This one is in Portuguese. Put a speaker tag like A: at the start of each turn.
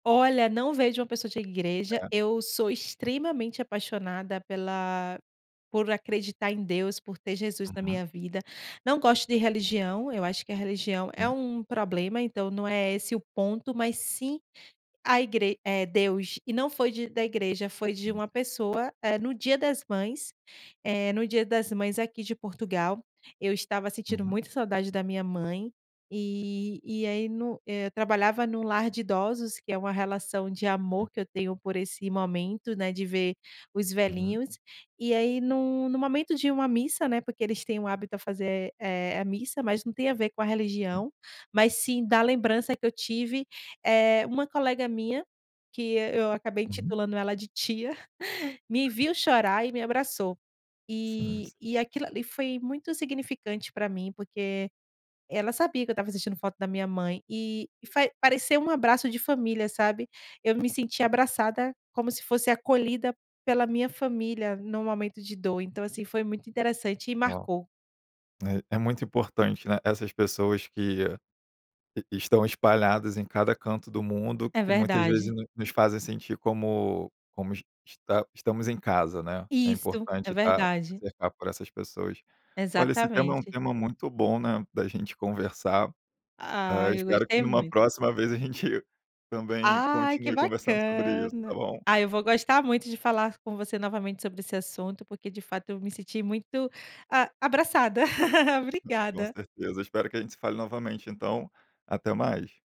A: Olha, não vejo uma pessoa de igreja.
B: É.
A: Eu sou extremamente apaixonada pela por acreditar em Deus, por ter Jesus na
B: Uhum.
A: minha vida. Não gosto de religião, eu acho que a religião é
B: Hum.
A: um problema, então não é esse o ponto, mas sim a igre é Deus. E não foi de da igreja, foi de
B: Hum.
A: uma pessoa, eh, no dia das mães. Eh, no dia das mães aqui de Portugal, eu estava sentindo
B: Uhum.
A: muita saudade da minha mãe e e aí no eh, eu trabalhava no lar de idosos, que é uma relação de
B: Hum.
A: amor que eu tenho por esse momento, né, de ver os
B: Uhum.
A: velhinhos. E aí num num momento de uma missa, né, porque eles têm o hábito a fazer, eh eh, a missa, mas não tem a ver com a
B: Hum.
A: religião, mas sim da lembrança que eu tive. Eh, uma colega minha, que e eu acabei
B: Uhum.
A: intitulando ela de tia, me viu chorar e me abraçou.
B: Sim,
A: E
B: sim.
A: e aquilo ali foi muito significante pra mim, porque ela sabia que eu estava sentindo falta da minha mãe e e faz pareceu um abraço de família, sabe. Eu me senti abraçada, como se fosse acolhida pela minha família num momento de dor. Então, assim, foi muito interessante e
B: Ó.
A: marcou.
B: É é muito importante, né, essas pessoas que e estão espalhadas em cada canto do mundo,
A: É
B: que muitas vezes
A: verdade.
B: no nos fazem sentir como como es esta estamos em casa, né. É
A: Isso! É
B: importante estar
A: verdade.
B: cercado por essas pessoas. Olha, esse tema é um
A: Exatamente.
B: tema muito bom, né, da gente conversar. Hã,
A: Ai, eu
B: espero que
A: gostei
B: numa
A: muito.
B: próxima vez, a gente também
A: Ai, que
B: continue conversando sobre isso, tá
A: bacana!
B: bom?
A: Aí, eu vou gostar muito de falar com você novamente sobre esse assunto, porque, de fato, eu me senti muito, a abraçada.
B: Com
A: Obrigada.
B: certeza. Espero que a gente se fale novamente, então. Até mais.